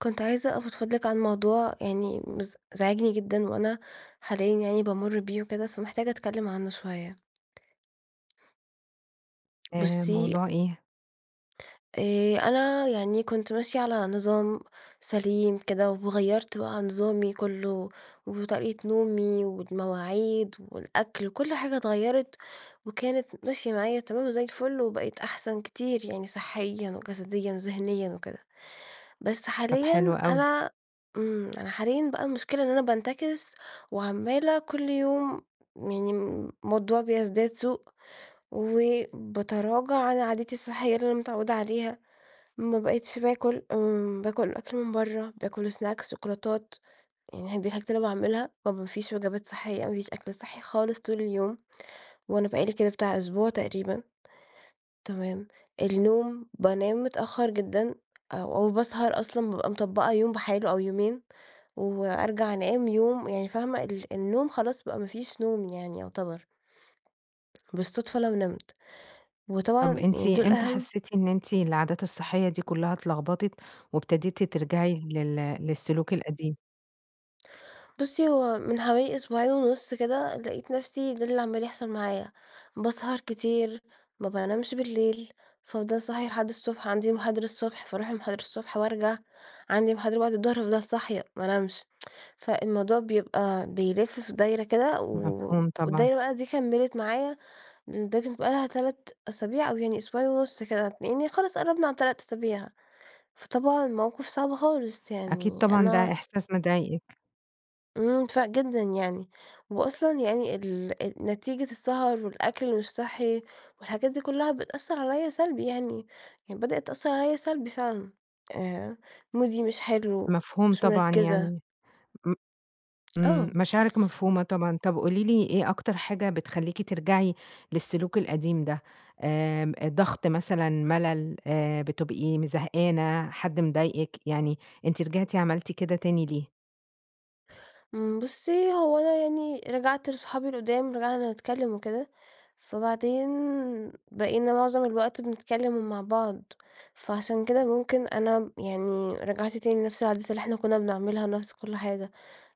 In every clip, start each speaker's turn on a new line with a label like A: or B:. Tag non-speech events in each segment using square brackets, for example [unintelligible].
A: كنت عايزة أفضفض لِك عن موضوع يعني مز زاعجني جدًا، وأنا حاليًا يعني بامُر بيه وكده، فمحتاجة اتكلِّم عنّه شويّة.
B: آآ،
A: بُصّي
B: موضوع إيه؟
A: آآ، أنا يعني كنت ماشية على نظام سليم كده، وغيّرت بقى نظامي كلّه، وطريقة نومي، والمواعيد، والأكل، وكل حاجة اتغيّرت، وكانت ماشية معايا تمام وزي الفل، وبقيت أحسن كتير، يعني صحّيًا وجسديًا وذهنيًا وكده. بس
B: طب
A: حاليًا
B: حلو أوي.
A: أنا امم، أنا حاليًا بقى المشكلة إن أنا بانتكس وعمالة كل يوم يعني الموضوع بيزداد سوء، وبتراجع عن عاداتي الصحية اللي أنا متعودة عليها. ما بقتش باكل، امم، باكل أكل من بره، باكل سناكس شوكولاتات، يعني هي دي الحاجات اللي أنا باعملها. ما ب فيش وجبات صحِّية، ما فيش أكل صحي خالص طول اليوم، وأنا بقى لي كده بتاع أسبوع تقريبًا. تمام؟ النوم بانام متأخر جدًا أ أو باسهر أصلًا بابقى مطبَّقة يوم بحاله أو يومين، وأرجع أنام يوم يعني فاهمة ال النوم خلاص بقى ما فيش نوم يعني يُعتبر. بالصدفة لو نمت،
B: طب
A: وطبعًا
B: أنتِ
A: يعني دول
B: إمتى
A: أهم
B: حسّيتِ إن أنتِ العادات الصحية دي كلّها اتلخبطت، وابتديتِ ترجعي لل للسلوك القديم؟
A: بُصي، هو من حوالي أسبوعين ونُص كده، لقيت نفسي ده اللي عمّال يحصل معايا، باسهر كتير، ما بانامش بالليل، فأفضل صاحية لحد الصبح، عندي محاضرة الصبح فأروح المحاضرة الصبح وأرجع، عندي محاضرة بعد الضهر فافضل صاحية مانامش، [tsk] فالموضوع بيبقى بيلّف في دايرة كده و و
B: مفهوم، طبعًا.
A: والدايرة بقي دي كمّلت معايا ب تبقى لها 3 أسابيع أو يعني أسبوعين ونص كده، يعني خلاص قرّبنا على ال3 أسابيع، فطبعًا موقف صعب خالص
B: أكيد،
A: يعني
B: طبعًا ده
A: أنا
B: إحساس مضايقِك.
A: امم، فرق جدًا يعني. وأصلًا يعني ال أ نتيجة السهر والأكل اللي مش صحّي والحاجات دي كلها بتأثرعليَّا سلبي يعني، يعني بدأت تأثرعليَّا سلبي فعلًا، آآ، مودي مش حلو،
B: مفهوم
A: مش
B: طبعًا،
A: مركزة.
B: يعني م إمم
A: آه.
B: مشاعرِك مفهومة طبعًا، طب قولي لي، إيه أكتر حاجة بتخليكِ ترجعي للسلوك القديم ده؟ امم، ضغط مثلًا، ملل، آآ، بتبقي م زهقانة، حد مضايقِك، يعني أنتِ رجعتِ عملتِ كده تاني ليه؟
A: امم بُصّي، هو أنا يعني رجعت لصحابي القدّام رجعنا نتكلّم وكده، فبعدين بقينا معظم الوقت بنتكلم ومع بعض. فعشان كده ممكن أنا م يعني رجعت تاني لنفس العادات اللي إحنا كنّا بنعملها نفس كل حاجة،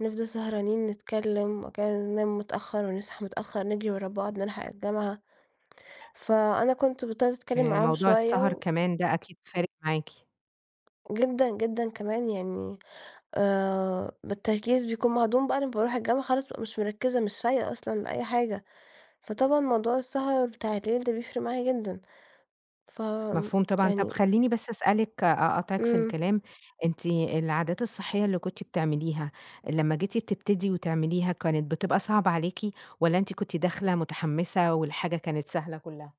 A: نفضل سهرانين نتكلّم بعد كده ننام متأخّر ونصحى متأخّر نجري ورا بعض نلحق الجامعة. فأنا كنت بطّلت أتكلّم
B: آآ،
A: معاهم
B: موضوع
A: شويّة
B: السهر
A: و.
B: كمان ده أكيد فارق معاكِ.
A: جدًا، جدًا كمان يعني آآ، بالتركيز بيكون معدوم بعد ما باروح الجامعة خلاص بقى مش مركزة مش فايقة أصلًا لأي حاجة. فطبعًا موضوع السهر بتاع الليل ده بيفرق معايا جدًا. ف آمم،
B: مفهوم طبعًا. طب
A: يعني.
B: خلّيني بس أسألِك أقاطعِك في
A: امم.
B: الكلام، أنتِ العادات الصحية اللي كنتِ بتعمليها، لمّا جيتي بتبتدي وتعمليها كانت بتبقى صعبة عليكِ، والّا أنتِ كنتِ داخلة مُتحمسة والحاجة كانت سهلة كلّها؟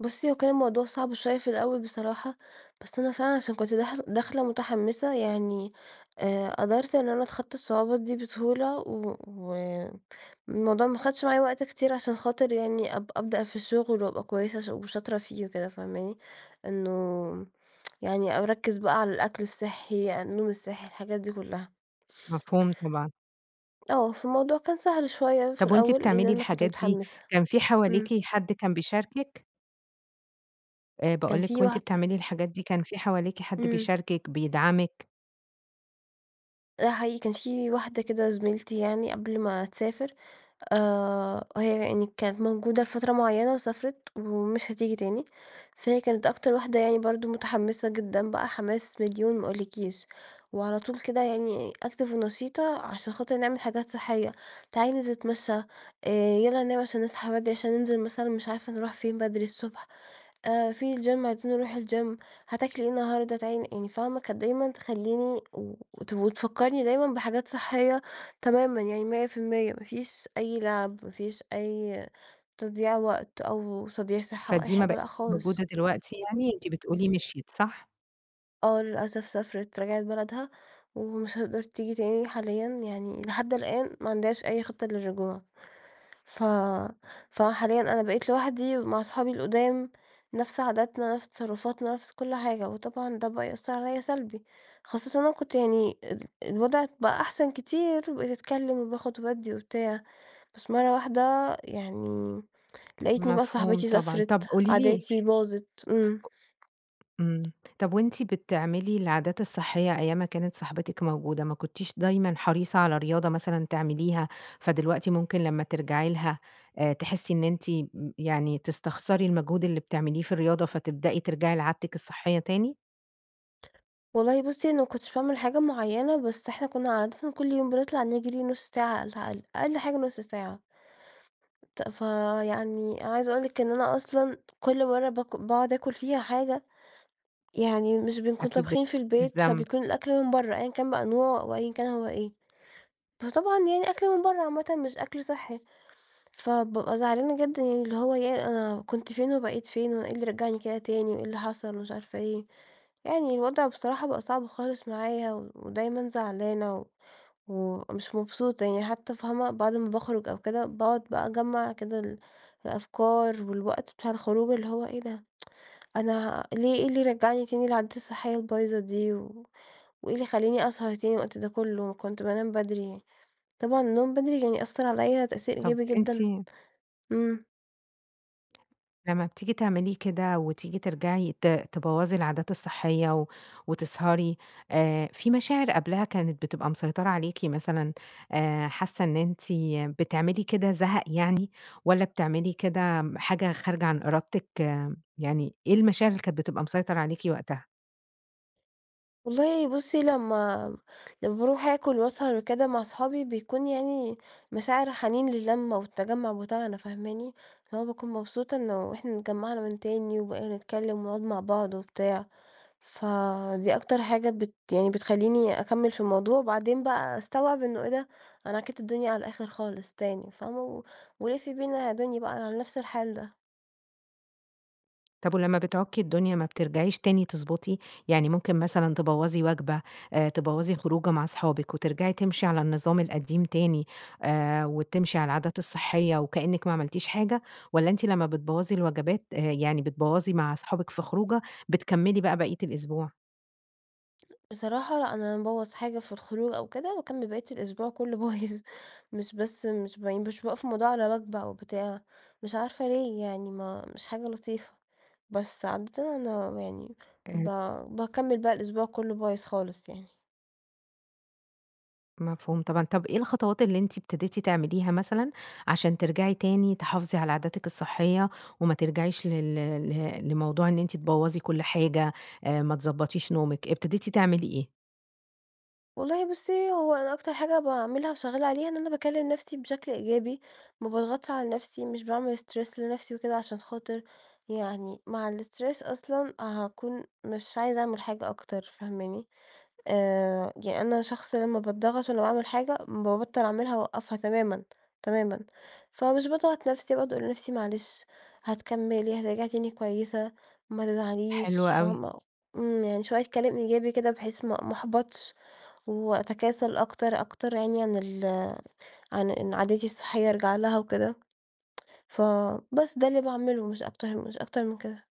A: بُصّي هو كان الموضوع صعب شويّة في الأوّل بصراحة، بس أنا فعلًا عشان كنت داخل داخلة مُتحمسة يعني آآ، قدرت إن أنا اتخطى الصعوبات دي بسهولة و والموضوع ما اخدش معايا وقت كتير عشان خاطر يعني أب أبدأ في الشغل وأبقى كويّسة وش وشاطرة فيه وكده، فاهماني. إنّه [tsk] يعني او أركز بقى على الأكل الصحّي، النوم الصحّي الحاجات دي كلّها.
B: مفهوم طبعًا.
A: آه، فالموضوع كان سهل شوية في
B: ،طب وأنتِ
A: الأول لأن
B: بتعملي
A: أنا كنت
B: الحاجات دي
A: مُتحمسة.
B: كان في حواليكِ
A: امم.
B: حد كان بيشاركك؟ آآ،
A: كان
B: باقول لِك،
A: في
B: وأنتِ
A: واحدة
B: بتعملي الحاجات دي، كان في حواليكِ حد
A: امم.
B: بيشاركِك،
A: [unintelligible]
B: بيدعمِك؟
A: آه، حقيقي كان في واحدة كده زميلتي يعني قبل ما تسافر، آآ، هي يعني كانت موجودة فترة معيّنة وسافرت، ومش هتيجي تاني، فهي كانت أكتر واحدة يعني برضه متحمسة جدًا بقى حماس مليون ما اقولكيش، وعلى طول كده يعني Active ونشيطة عشان خاطر نعمل حاجات صحية، تعالي ننزل نتمشى، آآ، يلّا ننام عشان نصحى بدري عشان ننزل مثلًا مش عارفة نروح فين بدري الصبح، آآ، في الGym عايزين نروح الGym هتاكلي إيه النهارده؟ تعالي ن يعني فاهمة كانت دايمًا تخليني و وت وتفكرني دايمًا بحاجات صحية تمامًا يعني 100% ما فيش أي لعب، ما فيش أي تضييع وقت، أو تضييع صحّة، أو أي
B: فدي ما
A: حاجة،
B: بقي
A: لأ
B: موجودة
A: خالص.
B: دلوقتي يعني؟ أنتِ بتقولي مِشيِت، صح؟
A: آه، للأسف سافرت، رجعت بلدها، ومش هتقدر تيجي تاني حاليًا، يعني لحد الآن ما عندهاش أي خطّة للرجوع، ف فحاليًا أنا بقيت لوحدي مع أصحابي القدام، نفس عاداتنا، نفس تصرفاتنا، نفس كل حاجة، وطبعًا ده بقى يأثر عليَّا سلبي، خاصةً وأنا كنت يعني ال الوضع بقى أحسن كتير، وبقيت أتكلِّم، وباخد وبادِّي وبتاع، بس مرَّة واحدة يعني لاقيتني بقى
B: مفهوم
A: صاحبتي
B: طبعًا، طب
A: سافرت،
B: قولي لي
A: عاداتي باظت، امم.
B: امم، طب وأنتِ بتعملي العادات الصحية أيّام ما كانت صاحبتك موجودة، ما كنتيش دايمًا حريصة على رياضة مثلًا تعمليها؟ فدلوقتي ممكن لمّا ترجعي لها آآ، تحسّي إن أنتِ م يعني تستخسري المجهود اللي بتعمليه في الرياضة فتبدأي ترجعي لعادتك الصحية تاني؟
A: والله بُصّي، أنا ما كنتش باعمل حاجة معيّنة، بس إحنا كنّا عادةً كل يوم بنطلع نجرى نص ساعة على الأقل، أقل حاجة نص ساعة. ت فيعني عايزة أقول لِك إن أنا أصلًا كل مرّة بك باقعد أكل فيها حاجة، يعني مش بنكون
B: أكيد بت
A: طابخين في البيت
B: بالذنب.
A: فبيكون الأكل من برّه، أيًا كان بقى النوع أو أيًا كان هو إيه، فطبعًا يعني أكل من برّه عامةً مش أكل صحّي، فبابقى زعلانة جدًا اللي هو "ياه، أنا كنت فين وبقيت فين؟ وأنا إيه اللي رجعني كده تاني؟ وإيه اللي حصل؟ ومش عارفة إيه." يعني الوضع بصراحة بقى صعب خالص معايا، ودايمًا زعلانة و ومش مبسوطة يعني حتّى فاهمة؟ بعد ما باخرج أو كده باقعد بقى أجمع كده ال الأفكار والوقت بتاع الخروج اللي هو "إيه ده، [tsk] أنا ليه إيه اللي رجعني تاني لعاداتى الصحية البايظة دي، و وإيه اللي خلّاني أسهر تاني الوقت ده كلّه؟ كنت بانام بدري." طبعًا النوم بدري يعني أثر عليّ تأثير
B: طب
A: إيجابي
B: أنتِ
A: جدًا. امم.
B: لما بتييجي تعملي كده وتييجي ترجعي ت تبوظى العادات الصحية و وتسهري، آآ، في مشاعر قبلها كانت بتبقى مسيطرة عليكِ مثلًا، آآ، حاسّة إن أنتِ بتعملي كده زهق يعني، والاّ بتعملي كده حاجة خارجة عن إرادتِك، يعني إيه المشاعر اللي كانت بتبقى مسيطر عليكِ وقتها؟
A: والله بُصّي لمّا لمّا باروح اكل وأسهر وكده مع أصحابي بيكون يعني مشاعر الحنين للمة والتجمع بتاعنا فاهماني؟ اللي هو باكون مبسوطة إنّه إحنا اتجمعنا من تاني، وبقينا نتكلّم ونقعد مع بعض وبتاع. فدي أكتر حاجة بت يعني بتخليني أكمل في الموضوع، وبعدين بقى أستوعب إنّه إيه ده! أنا عكّيت الدنيا على الآخر خالص تاني، فاهمة؟ و ولفي بينا يا دنيا بقى على نفس الحال ده.
B: طب ولمّا بتعكّي الدنيا ما بترجعيش تاني تضبَّطي؟ يعني ممكن مثلًا تبوَّظي وجبة آآ، تبوَّظي خروجة مع أصحابِك، وترجعي تمشي على النظام القديم تاني، آآ، وتمشي على العادات الصحية وكأنِّك ما عملتيش حاجة، والّا أنتِ لمّا بتبوَّظي الوجبات، آآ يعني بتبوَّظي مع أصحابك في خروجة بتكمِّلي بقى باقية الأسبوع؟
A: بصراحة لأ، أنا لمّا بابوظ حاجة في الخروج أو كده باكمِّل باقية الأسبوع كلّه بايظ، مش بس مش ب مش باوقّف الموضوع على وجبة أو بتاع، مش عارفة ليه يعني، ما مش حاجة لطيفة. بس عادةً أنا يعني ب
B: آآ
A: باكمل بقى الأسبوع كلّه بايظ خالص يعني.
B: مفهوم طبعًا. طب إيه الخطوات اللي أنتِ ابتديتِ تعمليها مثلًا عشان ترجعي تاني تحافظي على عاداتك الصحية، وما ترجعيش لل لِ لموضوع إن أنتِ تبوظي كل حاجة، آآ ما تضبطيش نومك، ابتديتِ تعملي إيه؟
A: والله بُصّي هو أنا أكتر حاجة باعملها وشغّالة عليها إن أنا باكلّم نفسي بشكل إيجابي، ما باضغطش على نفسي، مش باعمل stress لنفسي وكده، عشان خاطر يعني مع الstress أصلًا هاكون مش عايزة أعمل حاجة أكتر، فاهماني. آآ، ي أنا شخص لمّا باضغط وأنا باعمل حاجة بابطل أعملها وأوقفها تمامًا، تمامًا، فمش باضغط نفسي باقعد أقول لنفسي معلش هتكملي، هترجعي تاني كويّسة ما
B: حلو
A: تزعليش
B: أوي.
A: فاهمة، إمم يعني شويّة كلام إيجابي كده بحيث ما ما أحبطش وأتكاسل أكتر أكتر يعني عن ال عن إن عادتي الصحية أرجع لها وكده. [tsk] فبس ده اللي باعمله مش أكتر مش أكتر من كده.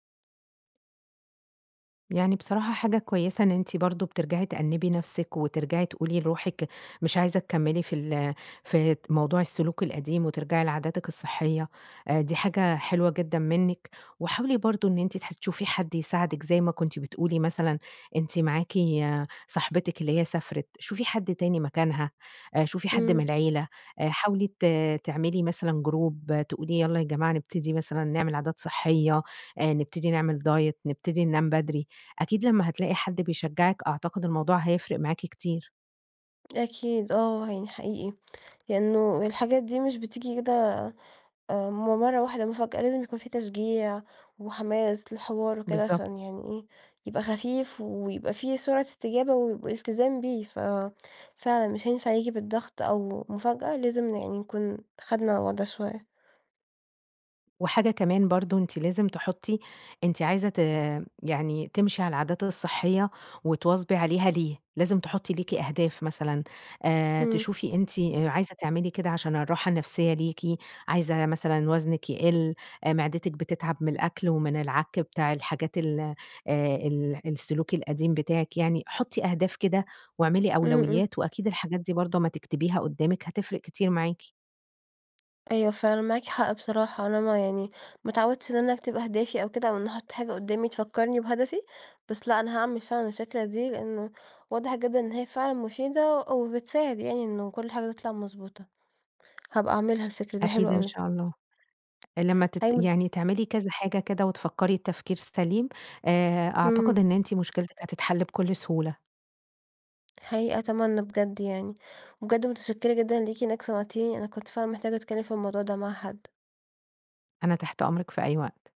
B: يعني بصراحة حاجة كويّسة، إن أنتِ برضو بترجعي تأنّبي نفسك وترجعي تقولي لروحك مش عايزة تكمّلي في ال في د موضوع السلوك القديم، وترجعي لعاداتِك الصحية آآ دي حاجة حلوة جدًا مِنك، وحاولي برضو إن أنتِ تح تشوفي حد يساعدك، زي ما كنتِ بتقولي مثلًا أنتِ معاكِ صاحبتِك اللي هي سافرت. شوفي حد تاني مكانها، آآ شوفي حد
A: امم.
B: من العيلة. آآ حاولي ت تعملي مثلًا group، تقولي يلّا يا جماعة نبتدي مثلًا نعمل عادات صحية، آآ نبتدي نعمل diet، نبتدي ننام بدري. أكيد لمّا هتلاقي حد بيشجعِك، أعتقد الموضوع هيفرق معاكِ كتير.
A: أكيد، آه، يعني حقيقي. لأنه الحاجات دي مش بتيجي كده آآ من مرة واحدة مفاجأة، لازم يكون في تشجيع وحماس للحوار وكده
B: بالضبط
A: عشان يعني إيه يبقى خفيف ويبقى في سرعة استجابة و والتزام بيه، ففعلًا مش هينفع ييجي بالضغط أو مفاجأة، لازم ن يعني نكون خَدْنا على الوضع شوية.
B: وحاجة كمان برضو، أنتِ لازم تحطي أنتِ عايزة ت يعني تمشي على العادات الصحية، وتواظبي عليها ليه؟ لازم تحطي ليكِ أهداف مثلًا، آآ
A: امم.
B: تشوفي أنتِ آآ عايزة تعملي كده عشان الراحة النفسية ليكِ، عايزة مثلًا وزنِك يقل، آآ معدتِك بتتعب من الأكل ومن العك بتاع الحاجات ال آآ ال السلوك القديم بتاعِك يعني. حطي أهداف كده واعملي
A: امم، امم.
B: أولويات، وأكيد الحاجات دي برضو أما تكتبيها قدامِك هتفرِق كتير معاكِ.
A: أيوه، فعلًا معاكِ حق بصراحة. أنا ما يعني ما اتعودتش إن أنا أكتب أهدافي أو كده، أو إني أحط حاجة قُدامي تفكرني بهدفي، بس لأ، أنا هاعمل فعلًا الفكرة دي، لأنه واضح جدًا إن هي فعلًا مفيدة أ وبتساعد يعني إنه كل حاجة تطلع مضبوطة. هابقى أعملها الفكرة دي،
B: أكيد
A: حلوة
B: إن
A: أوي.
B: شاء الله. لما تت
A: أيوه
B: يعني تعملي كذا حاجة كده وتفكري تفكير سليم، آآ أعتقد
A: امم.
B: إن أنتِ مشكلتِك هتتحل بكل سهولة.
A: حقيقي أتمنى بجد يعني. وبجد متشكرة جدًا ليكِ إنَك سمعتيني. أنا كنت فعلًا محتاجة أتكلم في الموضوع ده مع حد.
B: أنا تحت أمرِك في أي وقت.